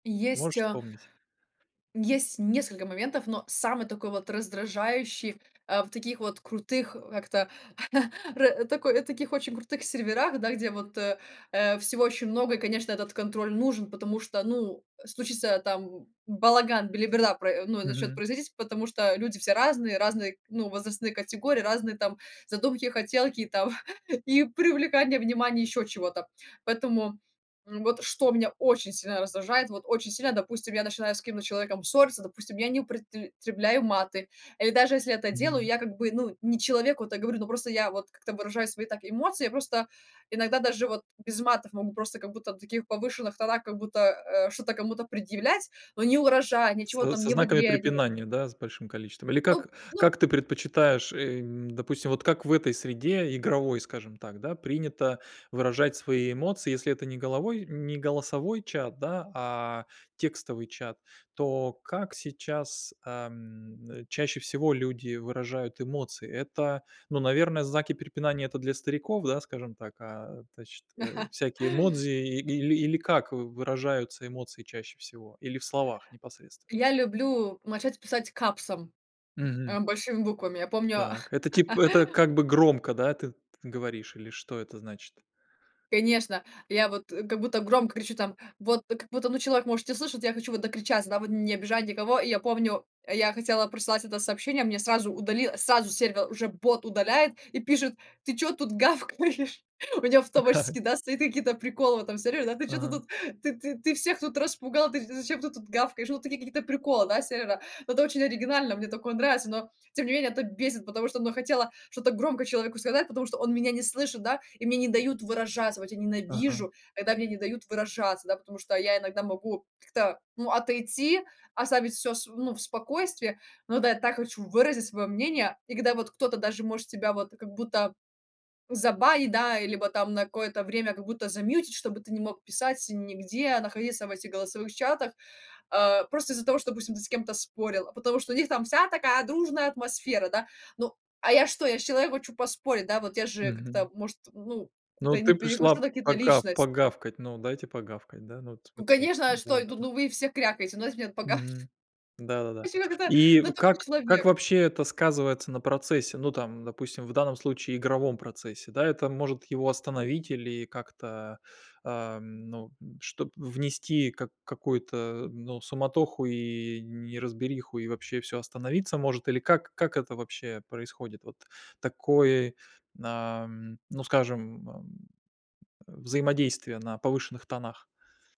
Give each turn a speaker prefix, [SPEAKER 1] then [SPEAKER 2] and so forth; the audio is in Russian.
[SPEAKER 1] Есть,
[SPEAKER 2] Можешь
[SPEAKER 1] а,
[SPEAKER 2] вспомнить?
[SPEAKER 1] есть несколько моментов, но самый такой вот раздражающий, а, в таких вот крутых, а, как-то ра такой таких очень крутых серверах, да, где вот, э, э, всего очень много и, конечно, этот контроль нужен. Потому что, ну, случится там балаган, белиберда про ну и начнёт
[SPEAKER 2] Мгм.
[SPEAKER 1] производить, потому что люди все разные, разные, ну, возрастные категории, разные там задумки, хотелки и там и привлекание внимание ещё чего-то. Поэтому, м, вот, что меня очень сильно раздражает. Вот очень сильно, допустим, я начинаю с каким-то человеком ссорься, допустим, я не употребляю маты или даже если я это делаю,
[SPEAKER 2] Мгм.
[SPEAKER 1] я как бы, ну, не человеку это говорю, но просто я вот как-то выражаю свои так эмоции. Я просто иногда даже вот без матов могу просто как будто на таких повышенных тонах как будто, э, что-то кому-то предъявлять, но ни угрожая, ничего
[SPEAKER 2] Со
[SPEAKER 1] там
[SPEAKER 2] со
[SPEAKER 1] не в
[SPEAKER 2] знаками
[SPEAKER 1] игре не
[SPEAKER 2] препинания, да, с большим количеством? Или как
[SPEAKER 1] Ну ну
[SPEAKER 2] как ты предпочитаешь, эм, допустим вот как в этой среде, игровой, скажем так, да, принято выражать свои эмоции, если это не головой не голосовой чат, да, а текстовый чат, то как сейчас, ам, э, чаще всего люди выражают эмоции? Это ну, наверное, знаки препинания- это для стариков, да, скажем так, а тачт а всякие эмодзи или, или как в выражаются эмоции чаще всего или в словах непосредственно?
[SPEAKER 1] Я люблю начать писать капсом,
[SPEAKER 2] Мгм.
[SPEAKER 1] э, большими буквами. Я помню
[SPEAKER 2] Так, это тип это как бы громко, да, ты ты говоришь или что это значит?
[SPEAKER 1] Конечно. Я вот, э, как будто громко кричу там, вот как будто, ну, человек может не слышать, я хочу вот докричаться, да, вот, не обижать никого. И я помню, я хотела прослать это сообщение, мне сразу удалила сразу сервер уже бот удаляет и пишет: "Ты чё тут гавкаешь?" У меня
[SPEAKER 2] Да.
[SPEAKER 1] автоматически, да, стоят какие-то приколы в этом сервере, да: "Ты чё-то
[SPEAKER 2] Ага.
[SPEAKER 1] тут, ты ты ты всех тут распугал, ты зачем ты тут гавкаешь?" Ну, такие какие-то приколы, да, сервера. Но это очень оригинально, мне такое нравится, но тем не менее это бесит, потому что, ну, хотела что-то громко человеку сказать, потому что он меня не слышит, да, и мне не дают выражаться, вот я
[SPEAKER 2] Ага.
[SPEAKER 1] ненавижу, когда мне не дают выражаться, да. Потому что я иногда могу как-то, ну, отойти, оставить всё св ну, в спокойствии, но да, я так хочу выразить своё мнение. И когда вот кто-то даже может тебя вот как будто забанить, да, и либо там на какое-то время как будто замьютить, чтобы ты не мог писать нигде, находиться в этих голосовых чатах, а, просто из-за того, что, допустим, ты с кем-то спорил, а потому что у них там вся такая дружная атмосфера, да. Ну, а я что, я ж человек, хочу поспорить, да, вот я же как-то,
[SPEAKER 2] Мгм.
[SPEAKER 1] может, ну, как-то
[SPEAKER 2] Ну,
[SPEAKER 1] и
[SPEAKER 2] ты
[SPEAKER 1] не
[SPEAKER 2] пришла
[SPEAKER 1] перехожу на какие-то
[SPEAKER 2] пока
[SPEAKER 1] личности.
[SPEAKER 2] погавкать. Ну, дайте погавкать. Да. Ну вот
[SPEAKER 1] Ну
[SPEAKER 2] смотри
[SPEAKER 1] конечно, а что я тут?
[SPEAKER 2] Да-да-да.
[SPEAKER 1] Ну, вы все крякаете, ну, если мне погас. Ну,
[SPEAKER 2] Мгм.
[SPEAKER 1] в
[SPEAKER 2] Да-да-да.
[SPEAKER 1] общем, это ка
[SPEAKER 2] И
[SPEAKER 1] ну, такой
[SPEAKER 2] как как
[SPEAKER 1] человек.
[SPEAKER 2] вообще это сказывается на процессе? Ну, там, допустим, в данном случае игровом процессе, да. Это может его остановить или как-то, ам, ну, м, чтоб внести как какую-то, ну, суматоху и неразбериху, и вообще всё остановиться может? Или как как это вообще происходит? Вот такое, ам, ну, скажем, ам, взаимодействие на повышенных тонах.